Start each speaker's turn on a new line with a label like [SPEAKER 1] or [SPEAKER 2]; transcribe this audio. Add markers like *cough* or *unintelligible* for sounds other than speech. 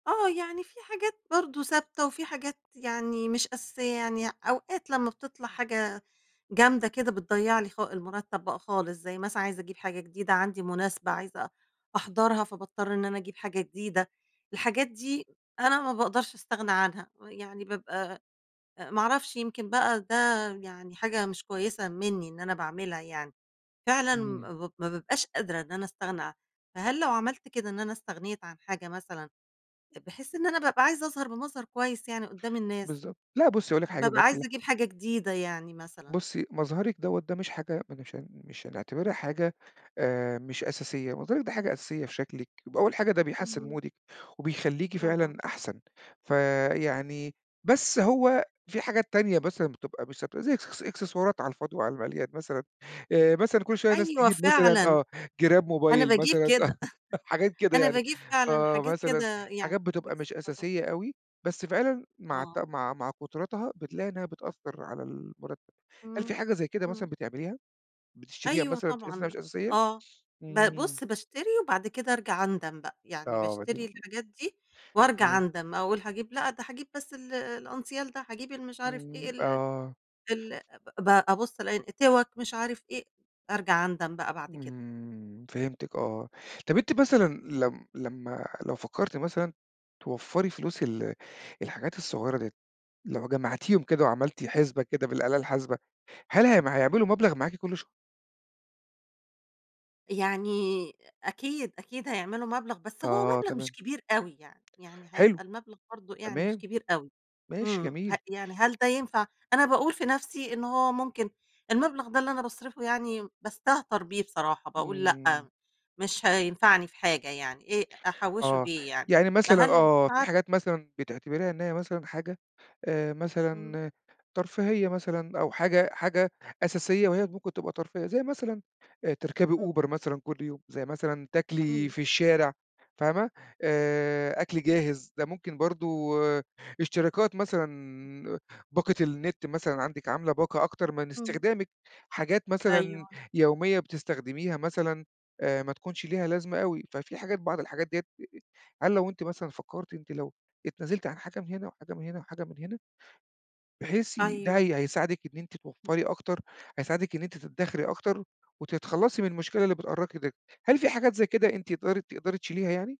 [SPEAKER 1] آه، يعني، في حاجات برضه ثابتة، وفي حاجات يعني مش أساسية، يعني أوقات، لمّا بتطلع حاجة جامدة كده، بتضَيع لي خا المرتب بقى خالص زي مثلًا عايزة أجيب حاجة جديدة عندي مُناسبة عايزة أ أحضرها فباضطر إن أنا أجيب حاجة جديدة، الحاجات دي، أنا ما باقدرش أستغنى عنها. ويعني بابقى أ ما أعرفش، يمكن بقى ده يعني حاجة مش كويسة مني إن أنا باعملها يعني فعلًا
[SPEAKER 2] إمم.
[SPEAKER 1] ما ما بابقاش قادرة إن أنا أستغنى عن فهل لو عمَلّت كده إن أنا استغنيت عن حاجة مثلًا، بحيث إن أنا بابقى عايزة أظهر بمظهر كويس، يعني قُدام الناس.
[SPEAKER 2] بالضبط. لأ بُصّي هاقول لِك حاجة
[SPEAKER 1] بابقى عايزة،
[SPEAKER 2] *unintelligible*
[SPEAKER 1] أجيب حاجة جديدة يعني مثلًا.
[SPEAKER 2] بُصّي مظهرِك دوّة ده مش حاجة ما نشان مش هنعتبِرها حاجة آآ مش أساسية. مظهرِك ده حاجة أساسية في شكلِك ب أول حاجة ده بيحسن
[SPEAKER 1] اهم.
[SPEAKER 2] مودِك وبيخلِّيكِ
[SPEAKER 1] طبعًا.
[SPEAKER 2] فعلًا أحسن. فيعني بس هو في حاجات تانية مثلًا بتبقى مش ثابتة تبقى زي إكس إكسسوارات على الفاضي وعلى المليان مثلًا آآ مثلًا كل شوية ناس
[SPEAKER 1] أيوه
[SPEAKER 2] تجيب مثلًا
[SPEAKER 1] فعلًا،
[SPEAKER 2] آه جِراب
[SPEAKER 1] أنا
[SPEAKER 2] موبايل
[SPEAKER 1] باجيب
[SPEAKER 2] مثلًا
[SPEAKER 1] كده
[SPEAKER 2] *laughs* حاجات
[SPEAKER 1] *chuckles*
[SPEAKER 2] كده
[SPEAKER 1] أنا
[SPEAKER 2] يعني
[SPEAKER 1] باجيب فعلًا،
[SPEAKER 2] آه
[SPEAKER 1] حاجات
[SPEAKER 2] مثلًا
[SPEAKER 1] كده يعني
[SPEAKER 2] حاجات بتبقى مش
[SPEAKER 1] إكسسوارات.
[SPEAKER 2] أساسية أوي، بس فعلًا مع الت
[SPEAKER 1] آه.
[SPEAKER 2] مع مع كُترتها بتلاقي إنها بتأثّر على المُرتب. هل في
[SPEAKER 1] إمم
[SPEAKER 2] حاجة زي كده
[SPEAKER 1] إمم.
[SPEAKER 2] مثلًا بتعمِليها؟ بتشتِريها
[SPEAKER 1] أيوه
[SPEAKER 2] مثلًا
[SPEAKER 1] طبعًا،
[SPEAKER 2] بتحسّي إنها
[SPEAKER 1] ل
[SPEAKER 2] مش أساسية؟
[SPEAKER 1] آه ب
[SPEAKER 2] إمم.
[SPEAKER 1] بُصّ باشتري وبعد كده أرجع أندم بقى، يعني
[SPEAKER 2] آه، ما دي
[SPEAKER 1] باشتري
[SPEAKER 2] م
[SPEAKER 1] الحاجات دي وأرجع
[SPEAKER 2] تمام.
[SPEAKER 1] أندم، أقول هاجيب لأ، ده هاجيب بس ال الأنسيال ده، هاجيب المش عارف إيه
[SPEAKER 2] إمم
[SPEAKER 1] ال
[SPEAKER 2] آه.
[SPEAKER 1] ال ب أبُصّ ألاقي إن توّّك مش عارف إيه أرجع أندم بقى بعد كده.
[SPEAKER 2] إمم فهمتِك آه. طَب أنتِ مثلًا لم لمَا لو فكرتِ مثلًا توفري فلوس ال الحاجات الصُغيرة ديّة. لو جمعتِيهم كده، وعملتِ حسبة كده بالآلة الحاسبة، هل هم هيعملوا مبلغ معاكِ كل ش
[SPEAKER 1] يعني، أكيد، أكيد هيعملوا مبلغ. بس هو
[SPEAKER 2] آه
[SPEAKER 1] مبلغ مش
[SPEAKER 2] تمام.
[SPEAKER 1] كبير أوي، يعني يعني
[SPEAKER 2] حلو
[SPEAKER 1] هيبقى المبلغ برضه يعني
[SPEAKER 2] تمام
[SPEAKER 1] مش كبير أوي،
[SPEAKER 2] ماشي
[SPEAKER 1] إمم ه
[SPEAKER 2] جميل.
[SPEAKER 1] يعني هل ده ينفع؟ أنا باقول في نفسي إن هو ممكن المبلغ ده اللي أنا باصرفه، يعني باستهتر بيه بصراحة باقول
[SPEAKER 2] إمم.
[SPEAKER 1] لأ، مش هينفعني في حاجة يعني إيه أحوشه
[SPEAKER 2] آه
[SPEAKER 1] ليه يعني،
[SPEAKER 2] يعني مثلًا
[SPEAKER 1] فهل مش
[SPEAKER 2] آه في
[SPEAKER 1] عارفة.
[SPEAKER 2] حاجات مثلًا بتعتِبريها إن هي مثلًا حاجة آآ
[SPEAKER 1] إمم.
[SPEAKER 2] مثلًا ترفيهية مثلًا أو حاجة حاجة أساسية، وهي ممكن تبقى ترفيهية. زي مثلًا آآ تركبي
[SPEAKER 1] إمم.
[SPEAKER 2] Uber مثلًا كل يوم زي مثلًا تَاكلِي
[SPEAKER 1] إمم.
[SPEAKER 2] في الشارع فاهمة آآ أكل جاهز ده ممكن برضه اشتراكات مثلًا، باقة النت مثلًا، عندِك عاملَة باقة، أكتر من
[SPEAKER 1] إمم.
[SPEAKER 2] استخدامِك حاجات مثلًا
[SPEAKER 1] أيوه.
[SPEAKER 2] يومية بتستخدمِيها مثلًا، آآ ما تكونش ليها لازمة أوي. ففي حاجات، بعض الحاجات ديّة هل لو أنتِ مثلًا فكرتِ أنتِ لو اتنازلتِ عن حاجة من هنا وحاجة من هنا وحاجة من هنا بحيث ده
[SPEAKER 1] أيوه.
[SPEAKER 2] هي هيساعدِك إن أنتِ
[SPEAKER 1] إمم.
[SPEAKER 2] توفري أكتر، هيساعدِك إن أنتِ تدخري أكتر، وتتخلصي من المشكلة اللي بتأرقِي د هل في حاجات زي كده أنتِ *unintelligible* تقدري تشيليها يعني؟